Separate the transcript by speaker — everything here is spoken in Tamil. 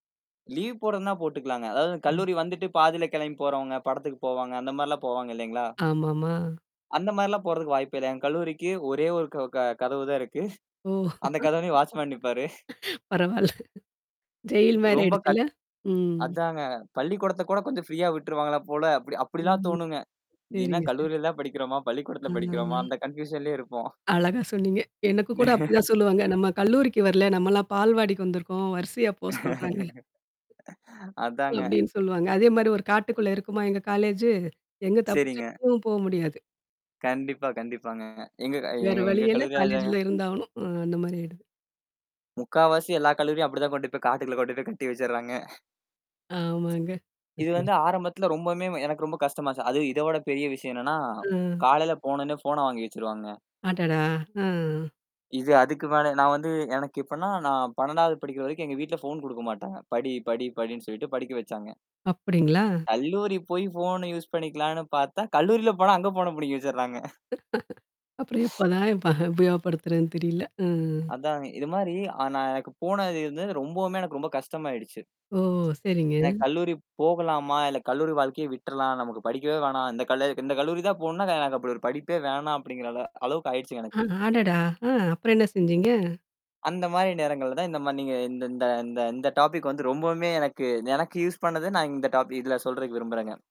Speaker 1: லீவ் போட்றதுனா போட்டுக்கலாங்க. அதாவது, கல்லூரி வந்துட்டு பாதியில கிளம்பி போறவங்க படத்திற்கு போவாங்க, அந்த மாரி எல்லாம் போவாங்க இல்லைங்களா?
Speaker 2: ஆமாம்மா.
Speaker 1: அந்த மாரி எல்லாம் போறதுக்கு வாய்ப்பே இல்ல. என் கல்லூரிக்கு ஒரே ஒரு க க கதவு தான் இருக்கு.
Speaker 2: ஓ!
Speaker 1: அந்த கதவுல வாட்ச்மேன் நிப்பாரு.
Speaker 2: பரவாயில்ல. ஜெயில் மாரி
Speaker 1: ரொம்ப
Speaker 2: ஆயிடுச்சுல்ல?
Speaker 1: கத்
Speaker 2: ம்.
Speaker 1: அதாங்க! பள்ளிக்கூடத்த கூட கொஞ்சம் ஃப்ரீயா விட்ருவாங்களா போல. அப்டி அப்டில்லாம்
Speaker 2: ம்.
Speaker 1: தோணுங்க. இது என்ன
Speaker 2: சரிங்க. ச
Speaker 1: கல்லூரியில தான் படிக்கிறோமா? பள்ளிக்கூடத்தில
Speaker 2: ஆமாங்க.
Speaker 1: படிக்கிறோமா? அந்த கன்பியூஷன்லயே இருப்போம்.
Speaker 2: அழகா சொன்னீங்க. எனக்கு கூட அப்டிதான் சொல்லுவாங்க. நம்ம கல்லூரிக்கு வரல. நாமெல்லாம் பால்வாடிக்கு வந்துருக்கோம். வரிசையா போ சொல்றாங்க.
Speaker 1: அதாங்க.
Speaker 2: அப்படின்னு சொல்லுவாங்க. அதே மாரி ஒரு காட்டுக்குள்ள இருக்குமா எங்க காலேஜு. எங்க, தப்பிச்சும்
Speaker 1: சரிங்க.
Speaker 2: கு போ முடியாது.
Speaker 1: கண்டிப்பா. கண்டிப்பாங்கங்க எங்க க எ எ
Speaker 2: வேற
Speaker 1: எங்க
Speaker 2: வழியே இல்ல.
Speaker 1: கல்லூரி. [unintelligible]
Speaker 2: காலேஜ்ல இருந்தாலும் அ அந்த மாரி ஆயிடும்.
Speaker 1: முக்காவாசி எல்லா கல்லூரியும் அப்டித்தான் கொண்டு போய் காட்டுக்குள் கொண்டு போய் கட்டி வச்சிட்றாங்க.
Speaker 2: ஆமாங்க.
Speaker 1: இது
Speaker 2: [unintelligible]
Speaker 1: வந்து ஆரம்பத்தில ரொம்பவுமே எனக்கு ரொம்ப கஷ்டமாச்சு. அது இத விட பெரிய விஷயம் என்னன்னா,
Speaker 2: அ.
Speaker 1: காலையில போனொன்னே ஃபோன்ன வாங்கி வச்சிருவாங்க.
Speaker 2: அடடா! அ.
Speaker 1: இது அதுக்கு மேல. நான் வந்து எனக்கு எப்டின்னா நான் 12வது படிக்கிற வரைக்கும் எங்க வீட்ல போன் கொடுக்க மாட்டாங்க. படி படி படின்னு சொல்லிட்டு படிக்க வச்சாங்க.
Speaker 2: அப்டிங்களா?
Speaker 1: கல்லூரி போய் போன் யூசு பண்ணிக்கலாம்னு பார்த்தா, கல்லூரியில போனா அங்க ஃபோன்ன பிடுங்கி வச்சுடுறாங்க.
Speaker 2: அப்புறம் எப்போ தான் பக உபயோகப்படுத்துறதுன்னு தெரியல. ம்.
Speaker 1: அதாங்க. இது மாரி அ நான் எனக்கு போனது இது வந்து ரொம்பவுமே எனக்கு ரொம்ப கஷ்டமா ஆயிடுச்சு.
Speaker 2: ஓ! சரிங்க.
Speaker 1: எனக் கல்லூரி போகலாமா? இல்ல கல்லூரி வாழ்க்கையை விட்டறலாம். நமக்கு படிக்கவே வேணாம். இந்த கல் கல்லூரி தான் போணும்னா, ந எனக்கு அப்டி ஒரு படிப்பே வேணாம். அப்டிங்கற அள அளவுக்கு ஆயுடுச்சு
Speaker 2: அ
Speaker 1: எனக்கு.
Speaker 2: அடடா! ஆ. அப்புறம் என்ன செஞ்சீங்க?
Speaker 1: அந்த மாரி நேரங்கள்ல தான் இந்த மாரி நீ இந்த இந்த இந்த டாபிக் வந்து ரொம்பவுமே எனக்கு எனக்கு யூசு பண்ணது நான் இந்த டாபிக் இதுல சொல்றதுக்கு விரும்புறேங்க.